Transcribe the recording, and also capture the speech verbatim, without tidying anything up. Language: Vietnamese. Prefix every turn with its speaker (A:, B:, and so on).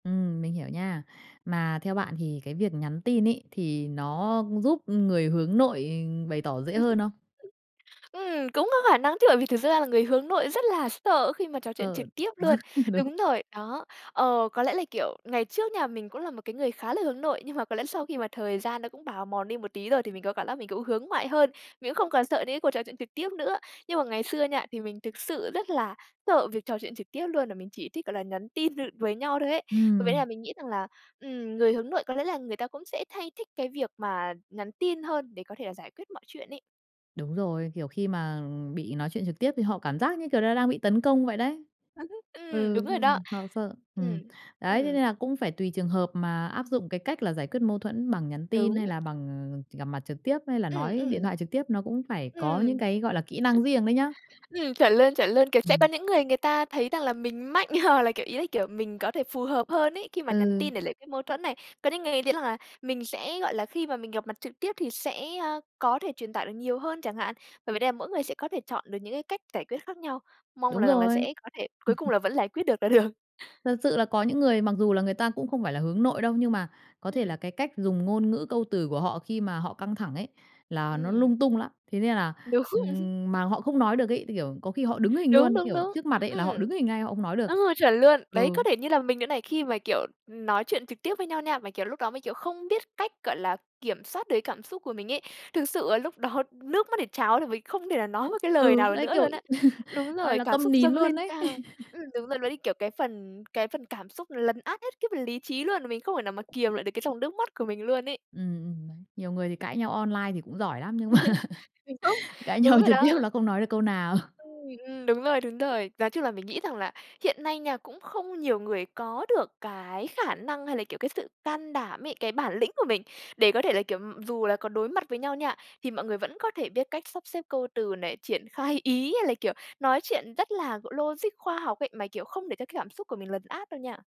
A: Ừm, mình hiểu nha. Mà theo bạn thì cái việc nhắn tin ấy, thì nó giúp người hướng nội bày tỏ dễ
B: Ừm hứm.
A: hơn không?
B: [unintelligible] Ừm, cũng có khả năng chứ, bởi vì thực ra là người hướng nội rất là sợ khi mà trò chuyện
A: Sợ,
B: trực tiếp luôn.
A: đúng.
B: Đúng rồi, đó. Ờ, có lẽ là, kiểu, ngày trước nha, mình cũng là một cái người khá là hướng nội, nhưng mà có lẽ là sau khi mà thời gian nó cũng bào mòn đi một tí rồi thì mình có cảm lác mình cũng hướng ngoại hơn, mình cũng không còn sợ những cái cuộc trò chuyện trực tiếp nữa. Nhưng mà ngày xưa nha, thì mình thực sự rất là sợ việc trò chuyện trực tiếp luôn, và mình chỉ thích, gọi là, nhắn tin th với nhau thôi ấy. V với là
A: Ừm.
B: mình nghĩ rằng là, ừm, người hướng nội có lẽ là người ta cũng sẽ thay thích cái việc mà nhắn tin hơn để có thể là giải quyết mọi chuyện ấy.
A: Đúng rồi, kiểu, khi mà, ừm, bị nói chuyện trực tiếp thì họ cảm giác, như kiểu là, đang bị tấn công vậy đấy.
B: Ừm hứm. Ừm, đúng
A: Ừ,
B: rồi đó.
A: nên họ sợ. Ừm.
B: Ừm,
A: Đấy, thế
B: ừm.
A: nên là cũng phải tùy trường hợp mà áp dụng cái cách là giải quyết mâu thuẫn bằng nhắn tin,
B: Đúng.
A: hay là bằng, ờ, gặp mặt trực tiếp, hay là
B: Ừm,
A: nói
B: ừm.
A: điện thoại trực tiếp, nó cũng phải có những
B: Ừm.
A: cái, gọi là, kỹ năng riêng đấy nhá.
B: Ừm, chuẩn luôn, chuẩn luôn, kiểu, sẽ có
A: [unintelligible]
B: những người người ta thấy rằng là mình mạnh hoặc là, kiểu, ý là, kiểu, mình có thể phù hợp hơn ấy, khi mà nhắn
A: Ừ.
B: tin để lấy cái mâu thuẫn này. Có những người nghĩ thấy rằng là mình sẽ, gọi là, khi mà mình gặp mặt trực tiếp thì sẽ, a, có thể truyền tải được nhiều hơn chẳng hạn. Bởi vì đây là mỗi người sẽ có thể chọn được những cái cách giải quyết khác nhau, mong
A: Đúng
B: là rằng là
A: rồi.
B: sẽ có thể cuối cùng là vẫn lải quyết được là được.
A: Thật sự là có những người mặc dù là người ta cũng không phải là hướng nội đâu, nhưng mà có thể
B: Ừm.
A: là cái cách dùng ngôn ngữ câu từ của họ khi mà họ căng thẳng ấy, là nó
B: Ừm.
A: lung tung lắm. Thế nên là,
B: Đúng.
A: ừm, mà họ không nói được ấy, cái kiểu, có khi họ đứng hình
B: Đúng,
A: luôn,
B: đúng,
A: kiểu,
B: đúng.
A: trước mặt ấy là họ
B: Ừm,
A: đứng hình ngay, họ không nói được.
B: ồ, chuẩn luôn. Đấy,
A: Ừ.
B: có thể như là mình nữa này khi mà, kiểu, ừm, nói chuyện trực tiếp với nhau nha, mà, kiểu, lúc đó mình, kiểu, không biết cách, gọi là, kiểm soát được cái cảm xúc của mình ấy, thực sự là lúc đó nước mắt để tráo đ vì mình không thể nào nói một cái lời
A: Ừ,
B: nào
A: đấy,
B: nữa
A: kiểu
B: luôn á. Đúng
A: gọi
B: rồi,
A: là,
B: cảm
A: câm
B: xúc
A: nín
B: dâng lên
A: luôn đấy.
B: cao. Ừm, đúng rồi, ló ly kiểu, cái phần cái phần cảm xúc lấn át hết cái phần lý trí luôn, và mình không thể nào mà kiềm lại được cái dòng nước mắt của mình luôn ấy.
A: Ừm, ừm, đấy, nhiều người thì cãi nhau online thì cũng giỏi lắm, nhưng mà
B: [unintelligible]
A: cãi
B: .Đúng
A: nhau
B: rồi
A: trực tiếp
B: đó.
A: là không nói được câu nào.
B: Ừm, ừm, đúng rồi, đúng rồi. Nói chung là mình nghĩ rằng là hiện nay nha, cũng không nhiều người có được cái khả năng hay là, kiểu, cái sự can đảm ấy, cái bản lĩnh của mình để có thể là, kiểu, ừm, dù là có đối mặt với nhau nha, thì mọi người vẫn có thể biết cách sắp xếp câu từ này, triển khai ý, hay là, kiểu, nói chuyện rất là g logic khoa học ấy, mà, kiểu, không để cho cái cảm xúc của mình lần át đâu nha.